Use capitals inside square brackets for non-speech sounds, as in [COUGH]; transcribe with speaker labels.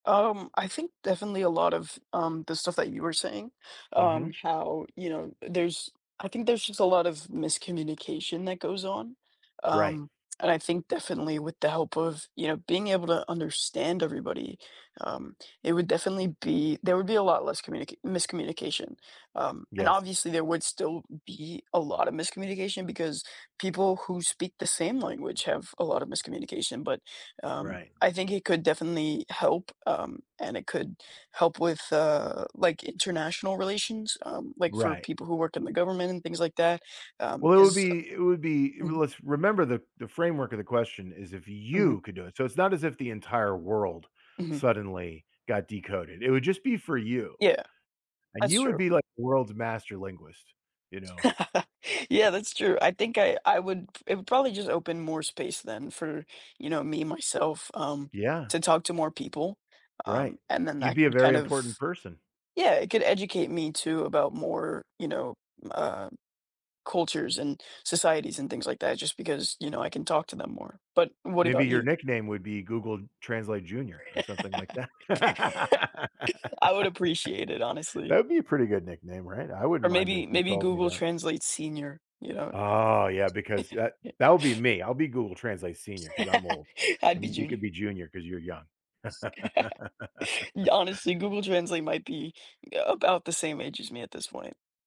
Speaker 1: Um, I think, definitely, a lot of, um, the stuff that you were saying, um,
Speaker 2: Mhm.
Speaker 1: how, you know uh, there's I think there's just a lot of miscommunication that goes on,
Speaker 2: Right.
Speaker 1: um, and I think, definitely, with the help of, you know, being able to understand everybody, um, it would definitely, be there would be a lot less communica miscommunication, um, and
Speaker 2: Yes.
Speaker 1: obviously, there would still be a lot of miscommunication, because people who speak the same language have a lot of miscommunication, but, um,
Speaker 2: Right.
Speaker 1: I think it could definitely help, um, and it could help with, uh, like, international relations, um, like, for
Speaker 2: Right.
Speaker 1: people who work in the government and things like that, um,
Speaker 2: Well, it would
Speaker 1: 'cause
Speaker 2: be it would be It really
Speaker 1: Mhm.
Speaker 2: was Remember the the framework of the question is if
Speaker 1: Mhm.
Speaker 2: you could do it. So it's not as if the entire world
Speaker 1: Mhm.
Speaker 2: suddenly got decoded, it would just be for you.
Speaker 1: Yeah,
Speaker 2: And
Speaker 1: that's
Speaker 2: you would
Speaker 1: true.
Speaker 2: be, like, the world's master linguist, you know?
Speaker 1: [CHUCKLES] Yeah, that's true. I think I I would it would probably just open more space then for, you know, me, myself, um,
Speaker 2: Yeah.
Speaker 1: to talk to more people, um,
Speaker 2: Right,
Speaker 1: and then
Speaker 2: you'd
Speaker 1: that
Speaker 2: be a
Speaker 1: could kind
Speaker 2: very
Speaker 1: of
Speaker 2: important person.
Speaker 1: Yeah, it could educate me too about more, you know, m uh, cultures and societies and things like that, just because, you know, I can talk to them more. But what
Speaker 2: Maybe
Speaker 1: about
Speaker 2: your
Speaker 1: you?
Speaker 2: nickname would be Google Translate junior or something like that.
Speaker 1: [LAUGHS] I would appreciate it,
Speaker 2: [LAUGHS]
Speaker 1: honestly.
Speaker 2: That'd be a pretty good nickname, right? I
Speaker 1: Or
Speaker 2: wouldn't mind it
Speaker 1: maybe
Speaker 2: if they
Speaker 1: maybe
Speaker 2: called me
Speaker 1: Google
Speaker 2: that.
Speaker 1: Translate senior, you know?
Speaker 2: Oh, yeah,
Speaker 1: [LAUGHS]
Speaker 2: because that that would be me, I'll be Google Translate senior, 'cause I'm old,
Speaker 1: [LAUGHS] I'd be
Speaker 2: and you
Speaker 1: junior.
Speaker 2: could be junior 'cause you're young.
Speaker 1: [LAUGHS] Y
Speaker 2: [LAUGHS]
Speaker 1: Honestly, Google Translate might be a about the same age as me at this point.